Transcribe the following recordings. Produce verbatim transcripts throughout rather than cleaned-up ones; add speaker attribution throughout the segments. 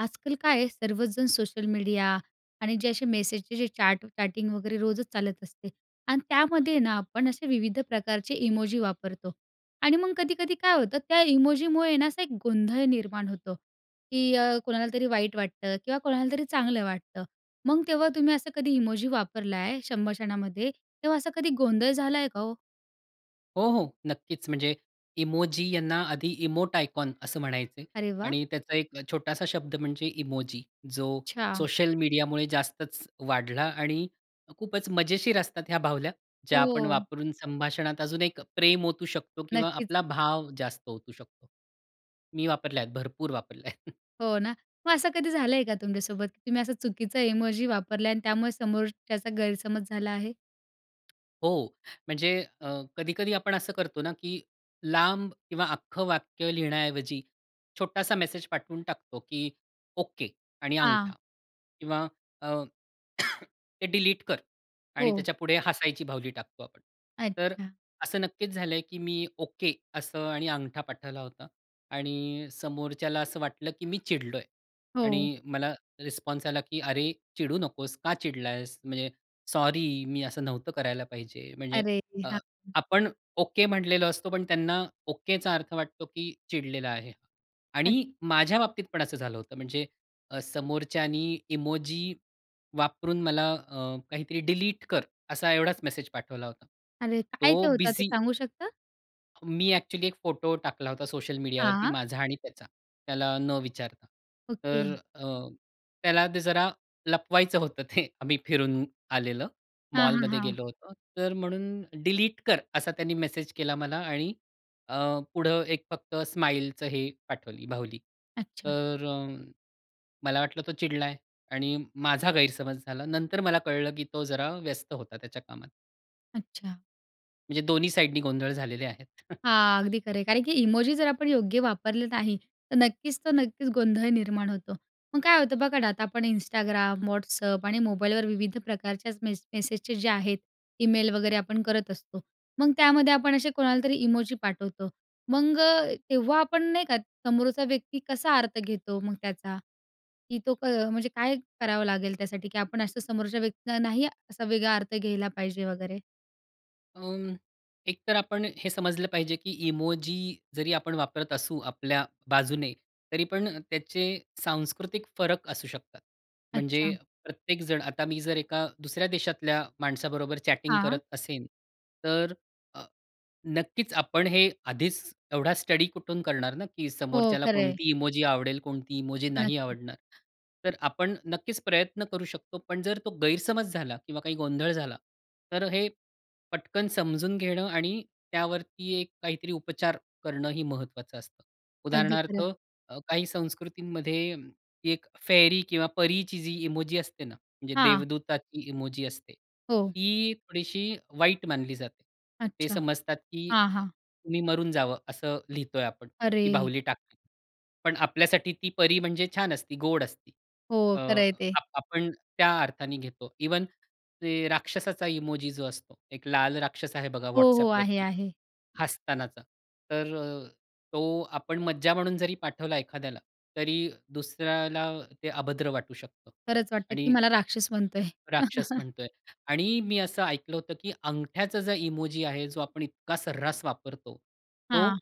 Speaker 1: आजकाल काय आहे, सर्वचजण सोशल मीडिया आणि जे असे मेसेजचे जे चॅट चॅटिंग वगैरे रोजच चालत असते आणि त्यामध्ये ना आपण असे विविध प्रकारचे इमोजी वापरतो. आणि मग कधी-कधी काय होतं त्या इमोजीमुळे ना असा एक गोंधळ निर्माण होतो की अ, कोणाला तरी वाईट वाटतं किंवा कोणाला तरी चांगलं वाटतं. मग तेव्हा तुम्ही असं कधी इमोजी वापरलाय, संभाषणामध्ये तेव्हा असा कधी गोंधळ झालाय का हो?
Speaker 2: हो, हो. नक्कीच. म्हणजे इमोजी यांना आधी इमोट आयकॉन असं म्हणायचे.
Speaker 1: अरे वाह!
Speaker 2: आणि त्याचा एक अ, छोटासा शब्द म्हणजे इमोजी, जो
Speaker 1: अच्छा.
Speaker 2: सोशल मीडियामुळे जास्तच वाढला आणि खूपच मजेशीर असतात ह्या बावल्या, ज्या आपण
Speaker 1: हो.
Speaker 2: वापरून संभाषणात अजून एक प्रेम ओतू शकतो किंवा
Speaker 1: नक्कीच.
Speaker 2: आपला भाव जास्त ओतू शकतो. मी वापरल्या आहेत, भरपूर वापरल्या आहेत.
Speaker 1: हो ना. मग असं कधी झालंय का तुमच्या सोबत? तुम्ही असं चुकीचा इमोजी वापरलाय आणि त्यामुळे समोरच्याचा गैरसमज झाला आहे?
Speaker 2: हो. म्हणजे अ, कधी-कधी आपण असं करतो ना की लांब किंवा अख्खं वाक्य लिहिण्याऐवजी छोटासा मेसेज पाठवून टाकतो की ओके आणि
Speaker 1: हां.
Speaker 2: अंगठा. किंवा अ, ते डिलीट कर आणि
Speaker 1: हो.
Speaker 2: त्याच्यापुढे हसायची बाहुली टाकतो आपण. तर
Speaker 1: अच्छा.
Speaker 2: असं नक्कीच झालंय की मी ओके असं आणि अंगठा पाठवला होता. आणि समोरच्याला असं वाटलं की मी चिडलोय.
Speaker 1: हो.
Speaker 2: आणि मला रिस्पॉन्स आला की "अरे चिडू नकोस. का चिडलास? म्हणजे सॉरी, मी असं नव्हतं करायला पाहिजे". म्हणजे
Speaker 1: अरेरे!
Speaker 2: अ,
Speaker 1: हां, हां.
Speaker 2: आपण ओके म्हटलेलो असतो, पण त्यांना ओकेचा अर्थ वाटतो की चिडलेला आहे.
Speaker 1: अ
Speaker 2: आणि माझ्या बाबतीत पण असं झालं होतं. म्हणजे अ, समोरच्याने इमोजी, वापरून मला अ, काहीतरी, "डिलीट कर". असा एवढाच मेसेज पाठवला होता.
Speaker 1: अरे! काय
Speaker 2: तो
Speaker 1: ते होतं ते
Speaker 2: बिझी
Speaker 1: सांगू शकता?
Speaker 2: मी एक्चुअली एक फोटो टाकला होता सोशल मीडियावरती
Speaker 1: हां.
Speaker 2: माझा आणि त्याचा, त्याला न विचारता.
Speaker 1: ओके.
Speaker 2: तर अ, त्याला ते जरा लपवायचं होतं ते, आम्ही फिरून आलेलं
Speaker 1: हां, हां,
Speaker 2: मॉलमध्ये
Speaker 1: हां.
Speaker 2: गेलो होतो. तर म्हणून डिलीट कर असा त्यांनी मेसेज केला मला आणि अ, पुढे एक फक्त स्माईलचं हे पाठवली बाहुली.
Speaker 1: अच्छा.
Speaker 2: तर अ, मला वाटलं तो चिडलाय आणि माझा गैरसमज झाला. नंतर मला कळलं, की तो जरा व्यस्त होता त्याच्या कामात.
Speaker 1: अच्छा.
Speaker 2: म्हणजे दोन्ही साइडनी गोंधळ झालेले आहेत.
Speaker 1: हां, अगदी खरं आहे, कारण की इमोजी जर आपण योग्य वापरलं नाही तर नक्कीच तर नक्कीच गोंधळ निर्माण होतो. मग काय होतं बघा ना आता आपण Instagram, WhatsApp आणि मोबाईलवर विविध प्रकारच्याच मेस मेसेजचे जे आहेत ईमेल वगैरे आपण करत असतो मग त्यामध्ये आपण असे कोणालातरी इमोजी पाठवतो मग अ, तेव्हा आपण नाही का समोरचा व्यक्ती कसा अर्थ घेतो मग त्याचा की तो म्हणजे काय करावं लागेल त्यासाठी, की आपण असं समोरच्या व्यक्तीना नाही असा वेगळा अर्थ घ्यायला पाहिजे वगैरे?
Speaker 2: अ, एक तर आपण हे समजलं पाहिजे, की इमोजी जरी आपण वापरत असू आपल्या बाजूने तरी पण अ, त्याचे सांस्कृतिक फरक असू शकतात. म्हणजे
Speaker 1: अच्छा.
Speaker 2: प्रत्येक जण आता मी जर एका दुसऱ्या देशातल्या माणसाबरोबर चॅटिंग करत
Speaker 1: हां.
Speaker 2: असेन तर नक्कीच आपण हे आधीच एवढा स्टडी कुठून करणार ना की
Speaker 1: हो,
Speaker 2: समोरच्याला
Speaker 1: खरं आहे.
Speaker 2: कोणती इमोजी आवडेल, कोणती इमोजी नाही
Speaker 1: नक्की.
Speaker 2: आवडणार. तर आपण नक्कीच प्रयत्न करू शकतो. पण जर तो गैरसमज झाला किंवा काही गोंधळ झाला तर हे, पटकन समजून घेणं आणि त्यावरती एक काहीतरी उपचार करणंही महत्त्वाचं असतं.
Speaker 1: अगदी खरं
Speaker 2: उदाहरणार्थ
Speaker 1: आहे.
Speaker 2: अ, काही संस्कृतींमध्ये एक फेरी किंवा परीची जी इमोजी असते ना म्हणजे
Speaker 1: हां.
Speaker 2: देवदूताची इमोजी असते
Speaker 1: हो.
Speaker 2: ती थोडीशी वाईट मानली जाते. ते
Speaker 1: अच्छा.
Speaker 2: समजतात, की
Speaker 1: हां, हां.
Speaker 2: तुम्ही मरून जावं असं लिहितोय आपण ती
Speaker 1: अरे!
Speaker 2: बाहुली टाकली. पण आपल्यासाठी ती परी म्हणजे छान असती गोड असती.
Speaker 1: हो,
Speaker 2: अ,
Speaker 1: खरं आहे ते.
Speaker 2: आ आपण त्या अर्थाने घेतो. इव्हन ते राक्षसाचा इमोजी जो असतो एक लाल राक्षस आहे बघा
Speaker 1: हो, हो. आहे,
Speaker 2: WhatsAppवरती
Speaker 1: आहे.
Speaker 2: हसतानाचा तर अ, तो आपण मज्जा म्हणून जरी पाठवला एखाद्याला तरी दुसऱ्याला ते अभद्र वाटू शकतं
Speaker 1: खरंच वाटतं, की
Speaker 2: आणि
Speaker 1: मला राक्षस म्हणतोय.
Speaker 2: राक्षस म्हणतोय आणि मी असं ऐकलं होतं, की अंगठ्याचा जो इमोजी आहे जो आपण इतका सर्रास वापरतो, तो
Speaker 1: हां.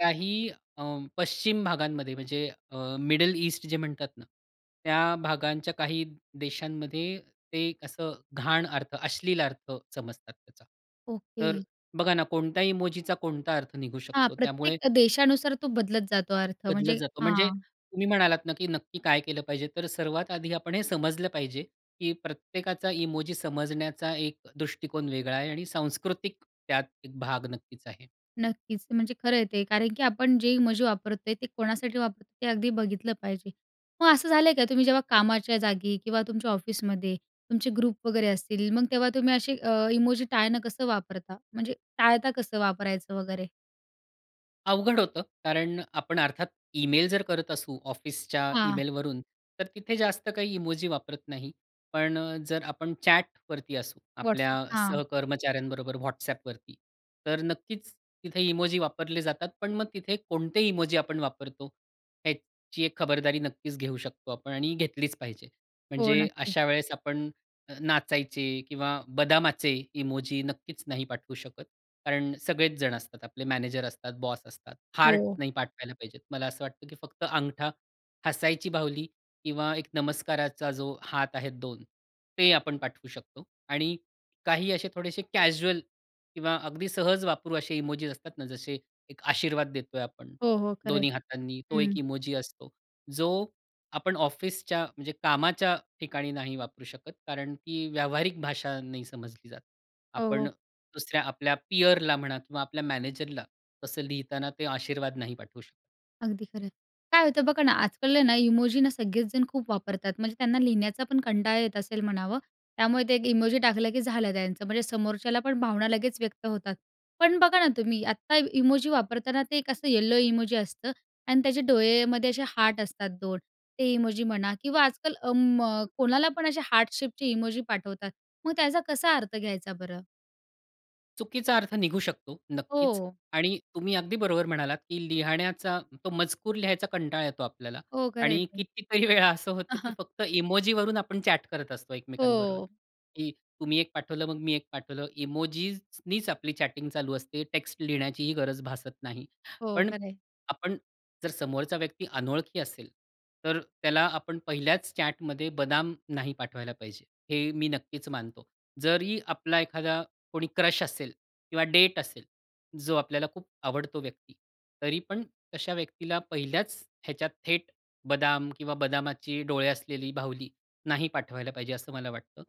Speaker 2: काही अ, पश्चिम भागांमध्ये म्हणजे अ, मिडल ईस्ट जे म्हणतात ना, त्या भागांच्या काही देशांमध्ये ते असं घाण अर्थ, अश्लील अर्थ समजतात त्याचा. तर
Speaker 1: ओके.
Speaker 2: बघा ना कोणत्या इमोजीचा कोणता अर्थ निघू
Speaker 1: हां,
Speaker 2: शकतो त्यामुळे
Speaker 1: प्रत्येक देशानुसार तो बदलत जातो अर्थ
Speaker 2: बदलत
Speaker 1: म्हणजे
Speaker 2: जातो. म्हणजे
Speaker 1: हां.
Speaker 2: तुम्ही म्हणालात ना, की नक्की काय केलं पाहिजे तर सर्वात आधी आपण हे समजलं पाहिजे, की प्रत्येकाचा इमोजी समजण्याचा एक दृष्टिकोन वेगळा आहे आणि सांस्कृतिक त्यात एक भाग नक्कीच आहे.
Speaker 1: नक्कीच म्हणजे खरं आहे ते कारण, की आपण जे इमोजी वापरतोय ते कोणासाठी वापरतो ते अगदी बघितलं पाहिजे. मग असं झालंय का तुम्ही जेव्हा कामाच्या जागी किंवा तुमच्या ऑफिसमध्ये तुमचे ग्रुप वगैरे असतील. मग तेव्हा तुम्ही असे अ, इमोजी टाळणं कसं वापरता म्हणजे टाळता कसं वापरायचं वगैरे?
Speaker 2: अवघड होतं. कारण आपण अर्थात ईमेल जर करत असू ऑफिसच्या
Speaker 1: हां.
Speaker 2: ईमेलवरून, तर तिथे जास्त काही इमोजी वापरत नाही. पण जर आपण चॅटवरती असू आपल्या
Speaker 1: WhatsApp. हां.
Speaker 2: सहकर्मचाऱ्यांबरोबर WhatsAppवरती. तर नक्कीच तिथे इमोजी वापरले जातात. पण मग तिथे कोणते इमोजी आपण वापरतो. ह्याची एक खबरदारी नक्कीच घेऊ शकतो आपण आणि घेतलीच पाहिजे.
Speaker 1: हो.
Speaker 2: म्हणजे
Speaker 1: नक्कीच!
Speaker 2: अशा वेळेस आपण नाचायचे किंवा बदामाचे इमोजी नक्कीच नाही पाठवू शकत. कारण सगळेच जण असतात. आपले मॅनेजर असतात, बॉस असतात. हार्ट
Speaker 1: हो.
Speaker 2: नाही पाठवायला पाहिजे. मला असं वाटतं की फक्त अंगठा, हसायची बाहुली किंवा एक नमस्काराचा जो हात आहे दोन ते आपण पाठवू शकतो आणि काही असे थोडेसे कॅज्युअल किंवा अगदी सहज वापरू असे इमोजीस असतात ना जसे एक आशीर्वाद देतोय आपण.
Speaker 1: हो, हो. खरं आहे.
Speaker 2: दोन्ही हातांनी तो एक
Speaker 1: हं.
Speaker 2: इमोजी असतो. जो आपण ऑफिसच्या म्हणजे कामाच्या ठिकाणी नाही वापरू शकत कारण की व्यावहारिक भाषा नाही समजली जात.
Speaker 1: हो,
Speaker 2: आपण
Speaker 1: हो.
Speaker 2: दुसऱ्या आपल्या पीअरला म्हणा किंवा आपल्या मॅनेजरला, तसं लिहिताना ते आशीर्वाद नाही पाठवू शकत.
Speaker 1: अगदी खरं. काय होतं बघा ना, आज-काल आहे ना इमोजी ना सगळेचजण खूप वापरतात, म्हणजे त्यांना लिहिण्याचा पण कंटाळा येत असेल म्हणावं, त्यामुळे ते एक इमोजी टाकलं की झालं त्यांचं, म्हणजे समोरच्याला पण भावना लगेच व्यक्त होतात. पण बघा ना तुम्ही आत्ता इमोजी वापरताना ते एक असं येलो इमोजी असतं आणि त्याचे डोळेमध्ये असे हार्ट असतात दोन. ते इमोजी म्हणा, किंवा आज-काल अं, मग कोणाला पण असे हार्ट शेपचे इमोजी पाठवतात, मग त्याचा कसा अर्थ घ्यायचा बरं?
Speaker 2: चुकीचा अर्थ निघू शकतो. नक्कीच.
Speaker 1: हो.
Speaker 2: आणि तुम्ही अगदी बरोबर म्हणालात की लिहण्याचा तो मजकूर लिहायचा कंटाळा येतो आपल्याला.
Speaker 1: हो. खरं आहे
Speaker 2: आणि
Speaker 1: ते.
Speaker 2: कितीतरी वेळा असं होतं की फक्त इमोजीवरून आपण चॅट करत असतो एकमेकांबरोबर
Speaker 1: हो.
Speaker 2: की तुम्ही एक पाठवलं, मग मी एक पाठवलं. इमोजीसनीच आपली चॅटिंग चालू असते. टेक्स्ट लिहिण्याचीही गरज भासत नाही.
Speaker 1: हो,
Speaker 2: पण
Speaker 1: खरंय.
Speaker 2: आपण जर समोरचा व्यक्ती अनोळखी असेल, तर त्याला आपण पहिल्याच चॅटमध्ये बदाम नाही पाठवायला पाहिजे. हे मी नक्कीच मानतो. जरी आपला एखादा कोणी क्रश असेल, किंवा डेट असेल, जो आपल्याला खूप आवडतो व्यक्ती. तरी पण अशा व्यक्तीला पहिल्याच ह्याच्यात, थेट बदाम किंवा बदामाची डोळे असलेली बाहुली, नाही पाठवायला पाहिजे असं मला वाटतं.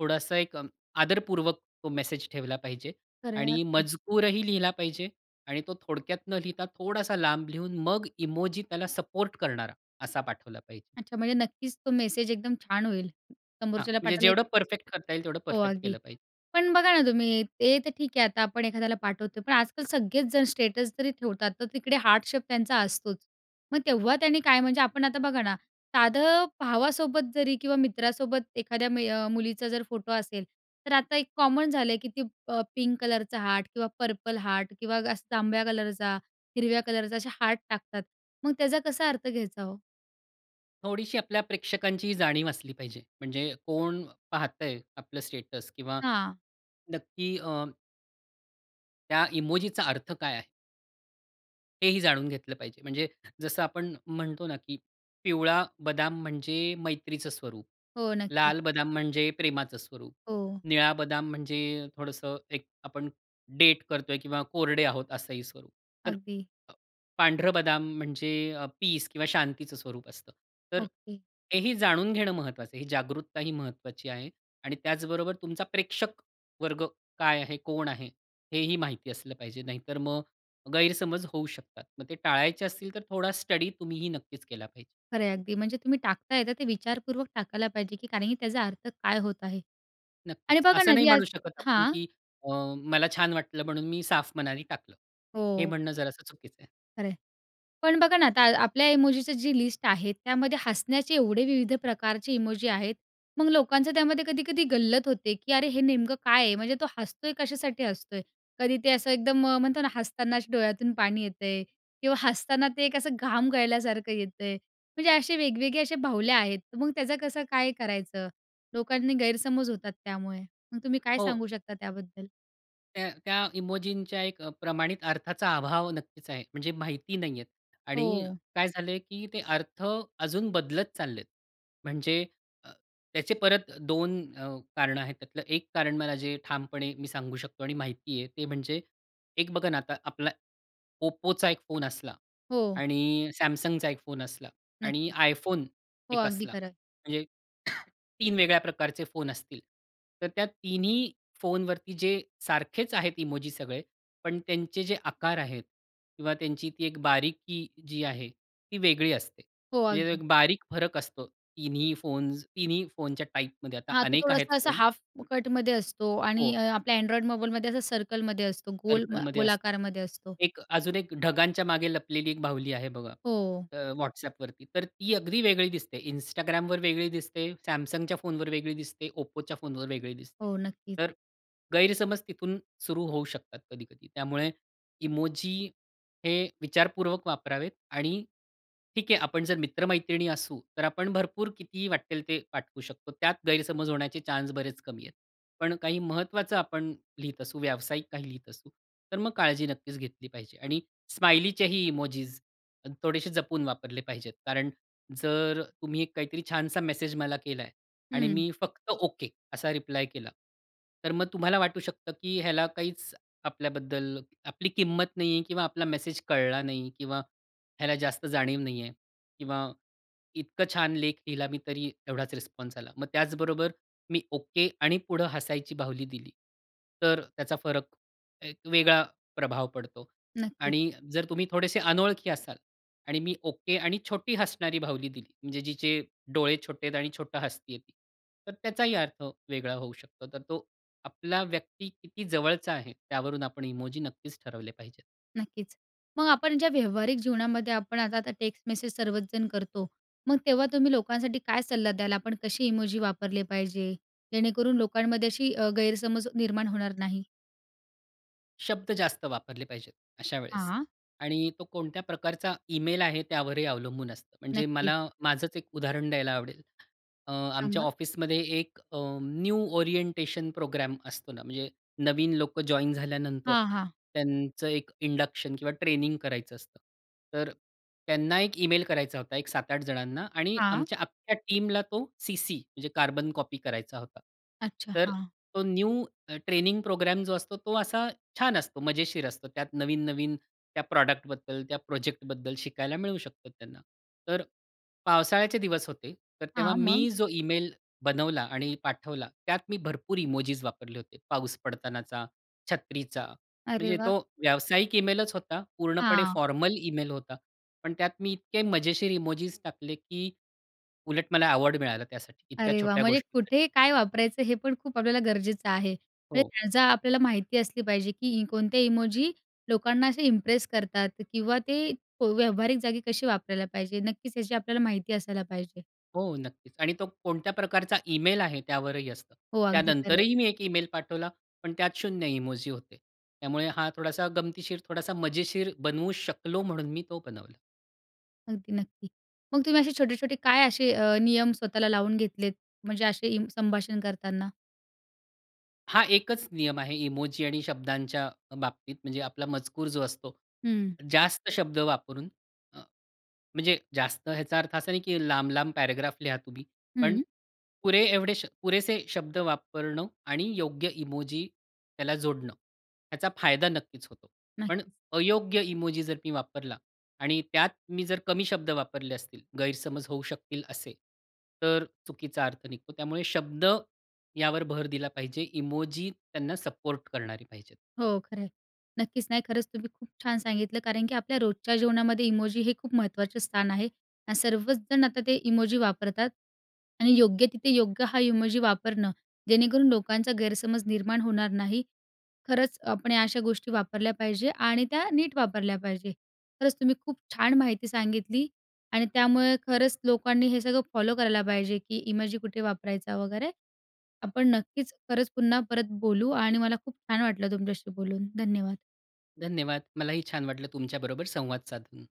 Speaker 2: थोडासा एक अ, आदरपूर्वक तो मेसेज ठेवला पाहिजे
Speaker 1: खरंय
Speaker 2: आणि
Speaker 1: अगदी.
Speaker 2: मजकूरही लिहिला पाहिजे आणि तो थोडक्यात न लिहिता, थोडासा लांब लिहून मग इमोजी त्याला सपोर्ट करणारा असा पाठवला पाहिजे.
Speaker 1: अच्छा. म्हणजे नक्कीच तो मेसेज एकदम छान होईल,
Speaker 2: हां,
Speaker 1: समोरच्याला
Speaker 2: म्हणजे
Speaker 1: पाठवायला एक
Speaker 2: जेवढं परफेक्ट करता येईल तेवढं
Speaker 1: हो,
Speaker 2: परफेक्ट
Speaker 1: अगदी.
Speaker 2: केलं पाहिजे.
Speaker 1: पण बघा ना तुम्ही ते तर ठीक आहे, आता आपण एखाद्याला पाठवतोय, पण आज-काल सगळेच जण स्टेटस जरी ठेवतात, तर तिकडे हार्ट शेप त्यांचा असतोच. मग तेव्हा त्यांनी काय, म्हणजे आपण आता बघा ना, साधं भावासोबत जरी किंवा मित्रासोबत एखाद्या मय मुलीचा जर फोटो असेल, तर आता एक कॉमन झालंय, की ती अ, पिंक कलरचा हार्ट, किंवा पर्पल हार्ट, किंवा गस्त जांभळ्या कलरचा, हिरव्या कलरचा असे हार्ट टाकतात, मग त्याचा कसा अर्थ घ्यायचा हो?
Speaker 2: थोडीशी आपल्या प्रेक्षकांची जाणीव असली पाहिजे. म्हणजे कोण पाहतंय आपलं स्टेटस किंवा
Speaker 1: हां.
Speaker 2: नक्की अ, त्या इमोजीचा अर्थ काय आहे? हे ही जाणून घेतलं पाहिजे. म्हणजे जसं आपण म्हणतो ना, की पिवळा बदाम म्हणजे मैत्रीचं स्वरूप,
Speaker 1: हो. नक्कीच.
Speaker 2: लाल बदाम म्हणजे प्रेमाचं स्वरूप,
Speaker 1: हो.
Speaker 2: निळा बदाम म्हणजे थोडंसं एक आपण डेट करतोय किंवा कोरडे आहोत असंही स्वरूप.
Speaker 1: अगदी.
Speaker 2: अ, पांढरं बदाम म्हणजे पीस किंवा शांतीचं स्वरूप असतं. तर
Speaker 1: ओके.
Speaker 2: ते ही जाणून घेणं महत्वाचं आहे. ही जागरूकता ही महत्वाची आहे आणि त्याचबरोबर तुमचा प्रेक्षक वर्ग काय आहे, कोण आहे हेही माहिती असलं पाहिजे. नाहीतर मग गैरसमज होऊ शकतात. मग ते टाळायचे असतील तर थोडा स्टडी तुम्हीही नक्कीच केला पाहिजे.
Speaker 1: खरं आहे अगदी. म्हणजे तुम्ही टाकताय तर ते विचारपूर्वक टाकायला पाहिजे, की कारण, की त्याचा अर्थ काय होत आहे. आणि
Speaker 2: नक्कीच
Speaker 1: बघा
Speaker 2: असं
Speaker 1: ना
Speaker 2: नाही
Speaker 1: जी आज
Speaker 2: म्हणू शकत आपण
Speaker 1: हां.
Speaker 2: की अ, मला छान वाटलं म्हणून मी साफ मनाने टाकलं. हे
Speaker 1: हो.
Speaker 2: म्हणणं जरासं चुकीचं आहे.
Speaker 1: खरं आहे. पण बघा ना आता आपल्या इमोजीची जी लिस्ट आहे त्यामध्ये हसण्याचे एवढे विविध प्रकारचे इमोजी आहेत. मग लोकांचं त्यामध्ये कधी-कधी गल्लत होते की अरे हे नेमकं काय आहे म्हणजे तो हसतोय कशासाठी हसतोय. कधी ते असं एकदम म्हणतो ना हसताना डोळ्यातून पाणी येतंय किंवा हसताना ते एक असं घाम गळल्यासारखं येतंय, म्हणजे असे वेगवेगळे असे बाहुल्या आहेत. तर मग त्याचं कसं काय करायचं? लोकांनी गैरसमज होतात त्यामुळे. मग तुम्ही काय
Speaker 2: हो.
Speaker 1: सांगू शकता त्याबद्दल?
Speaker 2: तर त्या इमोजींच्या एक अ, प्रमाणित अर्थाचा अभाव नक्कीच आहे म्हणजे माहिती नाहीयेत आणि
Speaker 1: हो.
Speaker 2: काय झालंय की ते अर्थ अजून बदलत चाललेत. म्हणजे अ, त्याचे परत दोन अ, कारणं आहेत. त्यातलं एक कारण मला जे ठामपणे मी सांगू शकतो आणि माहिती आहे ते म्हणजे एक बघा ना आता आपला Oppoचा एक फोन असला
Speaker 1: हो.
Speaker 2: आणि Samsungचा एक फोन असला आणि
Speaker 1: नक्कीच.
Speaker 2: iPhone
Speaker 1: हो,
Speaker 2: एक
Speaker 1: अगदी
Speaker 2: असला.
Speaker 1: खरं.
Speaker 2: म्हणजे तीन वेगळ्या प्रकारचे फोन असतील, तर त्या तिन्ही फोनवरती जे सारखेच आहेत इमोजी सगळे, पण त्यांचे जे आकार आहेत किंवा त्यांची ती एक बारीकी जी आहे ती वेगळी असते.
Speaker 1: हो,
Speaker 2: म्हणजे
Speaker 1: अगदी.
Speaker 2: एक बारीक फरक असतो. तिन्ही फोन्स तिन्ही फोनच्या टाइपमध्ये आता
Speaker 1: हां. तो
Speaker 2: अनेक आहेत
Speaker 1: थोडासा अ,
Speaker 2: फोन.
Speaker 1: हाल्फकटमध्ये असतो आणि
Speaker 2: हो.
Speaker 1: अ, आपल्या Android मोबाईलमध्ये असं सर्कलमध्ये असतो, गोल म
Speaker 2: सर्कलमध्ये असतं.
Speaker 1: गोलाकारामध्ये असतो.
Speaker 2: एक अजून एक ढगांच्या मागे लपलेली एक बाहुली आहे बघा
Speaker 1: हो.
Speaker 2: अ, WhatsAppवरती. तर ती अगदी वेगळी दिसते, Instagramवर वेगळी दिसते, Samsungच्या फोनवर वेगळी दिसते, Oppoच्या फोनवर वेगळी दिसते.
Speaker 1: हो, नक्कीच.
Speaker 2: तर गैरसमज तिथून सुरू होऊ शकतात कधी-कधी. तर त्यामुळे इमोजी हे विचारपूर्वक वापरावेत आणि ठीक आहे आपण जर मित्रमैत्रिणी असू, तर आपण भरपूर कितीही वाट्टेल ते पाठवू शकतो. त्यात गैरसमज होण्याचे चान्स बरेच कमी आहेत. पण काही महत्त्वाचं आपण लिहीत असू, व्यावसायिक काही लिहीत असू, तर मग काळजी नक्कीच घेतली पाहिजे. आणि स्माइलीचेही इमोजीस थोडेसे जपून वापरले पाहिजेत, कारण जर तुम्ही एक काहीतरी छानसा मेसेज मला केलाय आणि
Speaker 1: हं.
Speaker 2: मी फक्त ओके असा रिप्लाय केला, तर मग तुम्हाला वाटू शकतं की ह्याला काहीच आपल्याबद्दल आपली किंमत नाहीये किंवा आपला मेसेज कळला नाही किंवा ह्याला जास्त जाणीव नाहीये किंवा इतकं छान लेख लिहिला मी तरी एवढाच रिस्पॉन्स आला. मग त्याचबरोबर मी ओके आणि पुढं हसायची बाहुली दिली, तर त्याचा फरक एक वेगळा प्रभाव पडतो.
Speaker 1: नक्कीच.
Speaker 2: आणि जर तुम्ही थोडेसे अनोळखी असाल आणि मी ओके आणि छोटी हसणारी बाहुली दिली म्हणजे जिचे डोळे छोटे आहेत आणि छोटं हसतीये, तर त्याचाही अर्थ वेगळा होऊ शकतो. तर तो आपला व्यक्ती किती जवळचा आहे त्यावरून आपण इमोजी नक्कीच ठरवले पाहिजेत.
Speaker 1: नक्कीच. मग आपण ज्या व्यावहारिक जीवनामध्ये आपण आता आता टेक्स्ट मेसेज सर्वच जण करतो. मग तेव्हा तुम्ही लोकांसाठी काय सल्ला द्याल? आपण कशी इमोजी वापरले पाहिजे? जेणेकरून लोकांमध्ये अशी अ, गैरसमज निर्माण होणार नाही.
Speaker 2: शब्द जास्त वापरले पाहिजेत अशा वेळेस
Speaker 1: हां.
Speaker 2: आणि तो कोणत्या प्रकारचा ईमेल आहे त्यावरही अवलंबून असतं. म्हणजे
Speaker 1: नक्की.
Speaker 2: मला माझंच एक उदाहरण द्यायला आवडेल. अ, आमच्या
Speaker 1: सांगा.
Speaker 2: ऑफिसमध्ये एक अ, न्यू ओरिएंटेशन प्रोग्राम असतो ना. म्हणजे नवीन लोकं जॉइन झाल्यानंतर
Speaker 1: हां, हां.
Speaker 2: त्यांचं एक इंडक्शन किंवा ट्रेनिंग करायचं असतं. तर त्यांना एक ईमेल करायचा होता एक सात आठ जणांना आणि
Speaker 1: हां.
Speaker 2: आमच्या अक्ख्या टीमला तो सीसी म्हणजे कार्बन कॉपी करायचा होता.
Speaker 1: अच्छा.
Speaker 2: तर
Speaker 1: हां.
Speaker 2: तो न्यू ट्रेनिंग प्रोग्राम जो असतो, तो असा छान असतो मजेशीर असतो. त्यात नवीन-नवीन त्या प्रॉडक्टबद्दल, त्या प्रोजेक्टबद्दल शिकायला मिळू शकते त्यांना. तर पावसाळ्याचे दिवस होते. तर तेव्हा
Speaker 1: हां, मग?
Speaker 2: मी जो ईमेल बनवला आणि पाठवला त्यात मी भरपूर इमोजीस वापरले होते. पाऊस पडतानाचा, छत्रीचा.
Speaker 1: अरे
Speaker 2: म्हणजे
Speaker 1: वा!
Speaker 2: तो व्यावसायिक ईमेलच होता. पूर्णपणे
Speaker 1: हां.
Speaker 2: फॉर्मल ईमेल होता. पण त्यात मी इतके मजेशीर इमोजीस टाकले, की उलट मला अवॉर्ड मिळाला त्यासाठी इतक्या
Speaker 1: अरे, वा!
Speaker 2: छोट्या
Speaker 1: म्हणजे
Speaker 2: गोष्टीसाठी.
Speaker 1: कुठे काय वापरायचं हे पण खूप आपल्याला गरजेचं आहे. म्हणजे
Speaker 2: हो.
Speaker 1: त्याचा आपल्याला माहिती असली पाहिजे, की कोणत्या इमोजी लोकांना असे इम्प्रेस करतात किंवा ते व्यावहारिक जागी कशी वापरायला पाहिजे. नक्कीच याची आपल्याला माहिती असायला पाहिजे.
Speaker 2: हो नक्कीच. आणि तो कोणत्या प्रकारचा ईमेल आहे त्यावरही असतं.
Speaker 1: हो, अगदी खरंय.
Speaker 2: त्यानंतरही मी एक ईमेल पाठवला, पण त्यात इमोजी होते, त्यामुळे हा थोडासा गमतीशीर, थोडासा मजेशीर बनवू शकलो, म्हणून मी तो बनवला.
Speaker 1: अगदी नक्की. मग तुम्ही असे छोटे-छोटे काय असे अ, नियम स्वतःला लावून घेतलेत, म्हणजे असे इम संभाषण करताना?
Speaker 2: हा एकच नियम आहे, इमोजी आणि शब्दांच्या बाबतीत म्हणजे आपला मजकूर जो असतो.
Speaker 1: हं.
Speaker 2: जास्त शब्द वापरून अ, म्हणजे जास्त ह्याचा अर्थ असा नाही, की लांब-लांब पॅराग्राफ लिहा तुम्ही. पण
Speaker 1: हं.
Speaker 2: पुरे एवढे श पुरेसे शब्द वापरणं आणि योग्य इमोजी त्याला जोडणं ह्याचा फायदा नक्कीच होतो. पण
Speaker 1: नक्कीच.
Speaker 2: अयोग्य इमोजी जर मी वापरला आणि त्यात मी जर कमी शब्द वापरले असतील, गैरसमज होऊ शकतील असे, तर चुकीचा अर्थ निघतो. त्यामुळे शब्द यावर भर दिला पाहिजे. इमोजी त्यांना सपोर्ट करणारी पाहिजे.
Speaker 1: हो खरं आहे. नक्कीच. नाही, खरंच तुम्ही खूप छान सांगितलं कारण की आपल्या रोजच्या जेवणामध्ये इमोजी हे खूप महत्त्वाचं स्थान आहे, आणि सर्वच जण आता ते इमोजी वापरतात, आणि योग्य तिथे, योग्य हा इमोजी वापरणं, जेणेकरून लोकांचा गैरसमज निर्माण होणार नाही, खरंच आपण या अशा गोष्टी वापरल्या पाहिजे आणि त्या नीट वापरल्या पाहिजे. खरंच तुम्ही खूप छान माहिती सांगितली आणि त्यामुळे खरंच लोकांनी हे सगळं फॉलो करायला पाहिजे, की इमोजी कुठे वापरायचा वगैरे. आपण नक्कीच खरंच पुन्हा परत बोलू आणि मला खूप छान वाटलं तुमच्याशी बोलून. धन्यवाद.
Speaker 2: धन्यवाद, मलाही छान वाटलं तुमच्याबरोबर संवाद साधून.